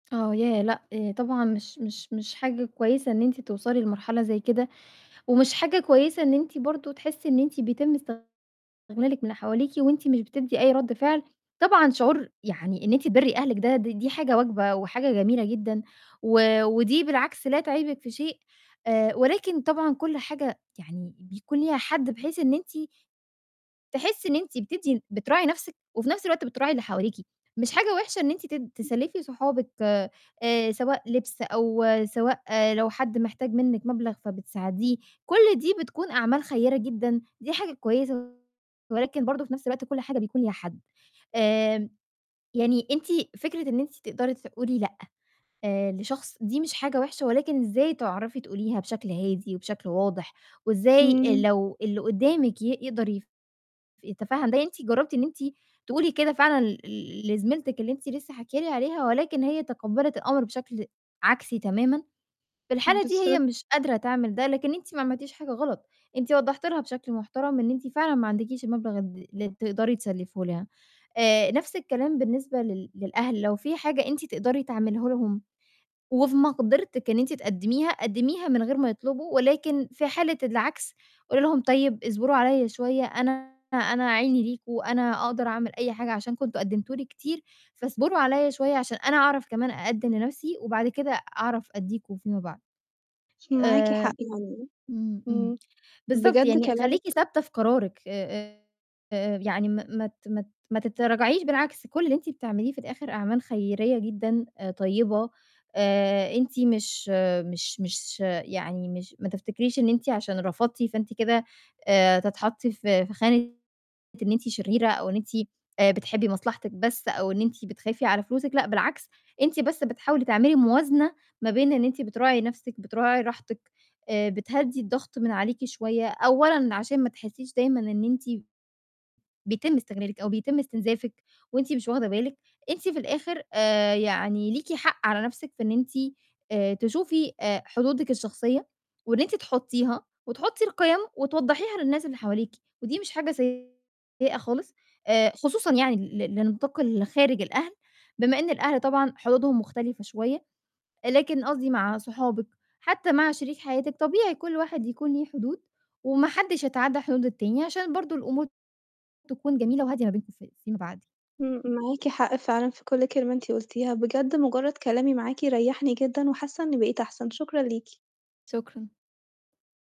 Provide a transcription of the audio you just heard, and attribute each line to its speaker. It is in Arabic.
Speaker 1: آه. يا لأ، طبعًا مش مش مش حاجة كويسة إن أنتِ توصلي لمرحلة زي كده، ومش حاجة كويسة إن أنتِ برضه تحسّي إن أنتِ بيتم استغلالِك من حواليكِ وأنتِ مش بتدّي أي رَد فعل. طبعًا شعور يعني إن أنتِ تبرّي أهلِك ده، د دي حاجة واجبة وحاجة جميلة جدًا و ودي بالعكس لا تعيبِك في شيء، آآ ولكن طبعًا كل حاجة يعني بيكون ليها حد بحيث إن أنتِ تحسّي إن أنتِ بتدّي بتراعي نَفْسِك وفي نَفْس الوقت بتراعي اللي حواليكِ، مش حاجة وِحشة إن أنتِ تد
Speaker 2: امم.
Speaker 1: تسلّفي صحابِك آآ، سواء لِبْس أو سواء لو حد محتاج منِّك مبلغ فبتساعديه، كل دي بتكون أعمال خيّرة جدًا، دي حاجة كويسة ولكن برضه في نَفْس الوقت كل حاجة بيكون ليها حد. آآ، يعني أنتِ فكرة إن أنتِ تقدري تقولي لأ، آآ، لشخص، دي مش حاجة وحشة ولكن إزاي تعرفي تقوليها بشكل هادي وبشكل واضح، وإزاي
Speaker 2: إمم.
Speaker 1: لو اللي قُدّامِك ي يقدر يتفاهم ده، أنتِ جرّبتِ إن أنتِ تقولي كده فعلًا ل ل لزميلتِك اللي أنتِ لسّه حاكية لي عليها ولكن هي تقبَّلِت الأمر بشكل عكسي تمامًا، في الحالة دي هي
Speaker 2: بالضبط.
Speaker 1: مش قادرة تعمل ده، لكن أنتِ ما عملتيش حاجة غلط، أنتِ وضّحتِ لها بشكل محترم إن أنتِ فعلًا ما عندكيش المبلغ ال اللي تقدري تسلفيه لها. آآ، نَفْس الكلام بالنسبة لل للأهل، لو في حاجة أنتِ تقدري تعمليه لهم وفي مقدرتِك إن أنتِ تقدّميها، قدّميها من غير ما يطلبوا ولكن في حالة العكس قولي لهم طيب اصبروا عليّا شوية، أنا أنا عيني ليكم وأنا أقدر أعمل أي حاجة عشان كنتم قدّمتوا لي كتير فاصبروا عليّا شوية عشان أنا أعرف كمان أقدّم لنَفْسي وبعد كده أعرف أدّيكم فيما بعد.
Speaker 2: معاكِ
Speaker 1: آآ،
Speaker 2: حق يعني،
Speaker 1: إمم، إمم،
Speaker 2: إمم،
Speaker 1: بالضبط.
Speaker 2: بجد
Speaker 1: يعني خلّيكِ
Speaker 2: كلامِك
Speaker 1: ثابتة في قرارِك آآ، يعني ما ما ت ما ت ما تتراجعيش بالعكس كل اللي أنتِ بتعمليه في الآخِر أعمال خيريّة جدًا آآ، طيّبة، آآ أنتِ مش مش مش يعني مش ما تفتكريش إن أنتِ عشان رفضتِ فأنتِ كده آآ، هتتحطّي في في خانة إن أنتِ شريرة أو إن أنتِ آآ، بتحبّي مصلحتِك بس أو إن أنتِ بتخافي على فلوسِك لأ بالعكس، أنتِ بس بتحاولي تعملي موازنة ما بين إن أنتِ بتراعي نَفْسِك، بتراعي راحتِك، آآ، بتهدّي الضغط من عليكِ شوية أولًا عشان ما تحسّيش دايمًا إن أنتِ بيتم استغلالِك أو بيتم استنزافِك وأنتِ مش واخدة بالِك، أنتِ في الآخِر آآ، يعني ليكِ حق على نَفْسِك في إن أنتِ آآ، تشوفي آآ، حدودِك الشخصية وإن أنتِ تحطّيها وتحطّي القيم وتوضّحيها للناس اللي حواليكِ، ودي مش حاجة سيئة خالص آآ، خصوصًا يعني ل لنطاق ال خارج الأهل بما إن الأهل طبعًا حدودهم مختلفة شوية، لكن قصدي مع صحابِك، حتّى مع شريك حياتِك، طبيعي كل واحد يكون ليه حدود وما حدّش يتعدّى حدود التاني عشان برضه الأمور تكون جميلة وهادية ما بينكم في في ما بَعد.
Speaker 2: إمم. معاكِ حق فعلًا في كل كلمة أنتِ قُلتيها، بجد مُجرّد كلامي معاكِ ريّحني جدًا وحاسّة إنّي بقيت أحسن، شكرًا ليكِ.
Speaker 1: شكرًا.